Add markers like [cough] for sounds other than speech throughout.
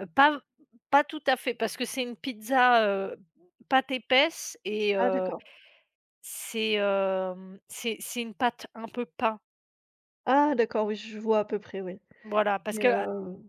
Heu, pas pas tout à fait, parce que c'est une pizza, heu, pâte épaisse et Ah heu, d'accord. c'est, hem, c'est c'est une pâte un peu pain. Ah d'accord, oui je vois à peu près oui. Voilà, parce Mais, que, heu, heu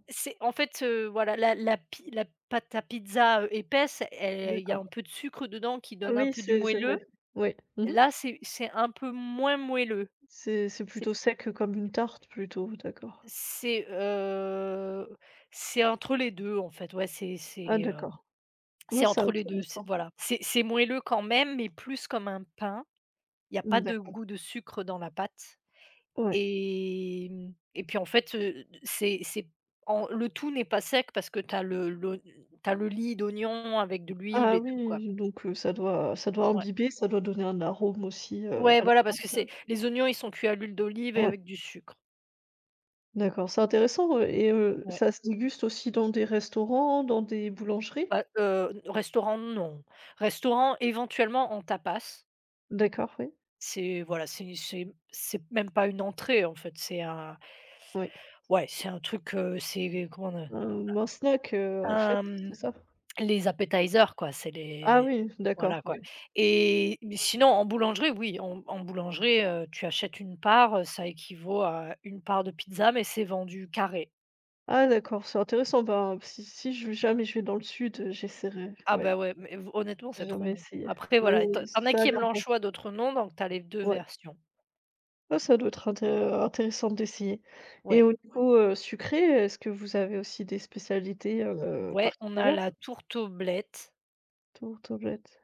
c'est en fait, heu, voilà la la pi la pâte à pizza, heu, épaisse elle il y a D'accord. un peu de sucre dedans qui Ah donne un oui peu du c'est c'est vrai. moelleux. Oui. Mmh mh. Là c'est c'est un peu moins moelleux. C'est c'est C'est plutôt sec comme une tarte plutôt? D'accord. C'est, heu, c'est entre les 2 en fait, ouais, c'est Ah c'est, hem, d'accord. c'est Non c'est entre les 2 c'est intéressant. voilà. C'est c'est moelleux quand même, mais plus comme un pain, il y a pas Mmh de d'accord. goût de sucre dans la pâte Ouais. et mmh et puis en fait, heu, c'est c'est en le tout n'est pas sec parce que tu as le l'oign tu as le lit d'oignon avec de l'huile Ah et tout quoi. oui, donc heu, ça doit ça doit Ouais. imbiber, ça doit donner un arôme aussi, heu, Ouais à la voilà, parce que pâte, c'est heu les oignons, ils sont cuits à l'huile d'olive et Ouais. avec du sucre. D'accord, c'est intéressant, heu et heu, Ouais. ça se déguste aussi dans des restaurants? Dans des boulangeries? Bah, heu, n restaurant non, restaurant éventuellement en tapas. D'accord, oui. C'est, voilà, c'est c'est m c'est même pas une entrée en fait, c'est un Oui. ouais c'est un truc, heu, c'est comment Heu, ou en snack, heu, on a en un fait, c'est m ça? les appetizers quoi c'est Ah les oui, d'accord, voilà quoi oui. et mais sinon en boulangerie, oui en en boulangerie, heu, tu achètes une part, heu, ça équivaut à une part de pizza, mais c'est vendu carré. Ah d'accord, c'est intéressant. Ben si si je v jamais je vais dans le sud, heu, j'essaierai, Ah ouais. beh ouais mais v honnêtement J'ai c'est trop jamais bon. essayé, Après mais voilà, tu en tu en as ça a qui aiment l'air bon. l'anchois, d'autre non, donc tu as les 2 Ouais. versions. Ah ça doit être inté intéressant d'essayer et Ouais. au niveau, heu, sucré est-ce que vous avez aussi des spécialités, heu, Ouais, on a particulières? la tourte aux blettes. Tourte aux blettes.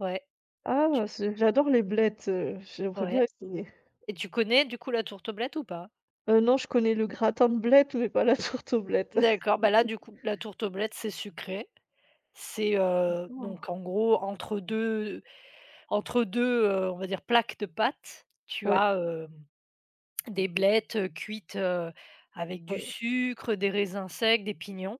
Ouais, Ah! tu C'est j'adore les blettes, heu, j'aimerais bien Ouais essayer. et tu connais du coup la tourte aux blettes ou pas? Heu, non, je connais le gratin de blettes mais pas la tourte aux blettes. D'accord, bah là du [laughs] coup, la tourte aux blettes c'est sucré. C'est, Mmh, heu d'accord. donc en gros entre 2 entre 2, heu, on va dire plaques de pâtes, tu Ouais. as, hem, des blettes, heu, cuites, heu, avec Ah du ouais. sucre, des raisins secs, des pignons.